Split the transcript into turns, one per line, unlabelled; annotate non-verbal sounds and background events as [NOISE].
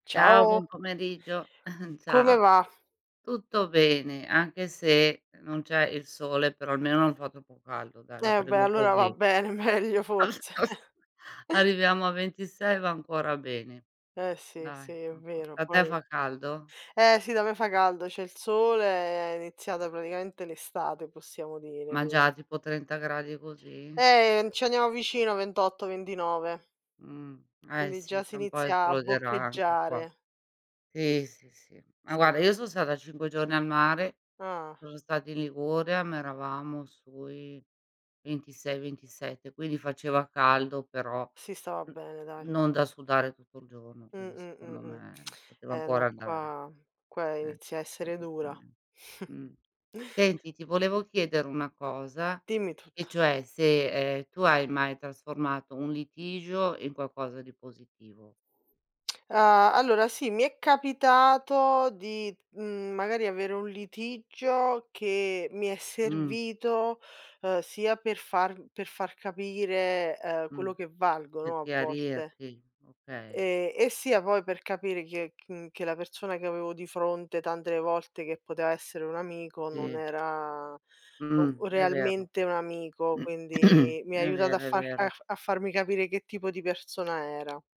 Ciao, buon
Ciao.
pomeriggio. [GIGGLES]
Come
Ciao.
va?
Tutto bene, anche se non c'è il sole, però almeno non fa troppo caldo dai, la
Eh bhe,
prendo
allora va
così.
bene, meglio forse.
[CHUCKLES]
[CHUCKLES]
Arriviamo a 26 e va ancora bene.
Eh sì, sì,
Dai,
è
[UNINTELLIGIBLE]
vero
da te
poi
fa caldo?
eh sì da me fa caldo, c'è il sole, è iniziata praticamente l'estate possiamo dire,
Ma
quin
già tipo 30 gradi così?
Eh ci andiamo vicino 28, 29.
Mh, eh
Quindi
sì
già si
fra un po'
inizia a
esploderà anche qua.
boccheggiare.
Sì, sì, sì. Ma
Sì.
guarda io so' stata 5 giorni al mare,
Ah.
sono stata in Liguria, ma eravamo sui 26, 27, quindi faceva caldo però
Si stava
n
bene dai.
non da sudare tutto il giorno,
Mh,
quindi
mh, mh,
secondo
mh.
me poteva
Eh no
ancora andare.
qua qua
Eh,
inizia a
però
essere dura.
giustame
[CHUCKLES]
mh. Senti ti volevo chiedere una cosa
Dimmi
e
tutto.
cioè se, ehm, tu hai mai trasformato un litigio in qualcosa di positivo.
[CLICKS TONGUE] Uhm, allora sì, mi è capitato di, mhmm, magari avere un litigio che mi è
Mh.
servito, uhm, sia per far per far capire ehm
Mh.
quello che
Per
valgono a volte
chiarirti, okay.
e e sia poi per capire chi è ch che la persona che avevo di fronte tante volte che poteva essere un amico non
Sì.
era
Mh,
o
è vero.
realmente un amico,
[CLEARS THROAT]
quindi mi ha
E'
aiutata a
vero, è
far
vero.
a farmi capire che tipo di persona era.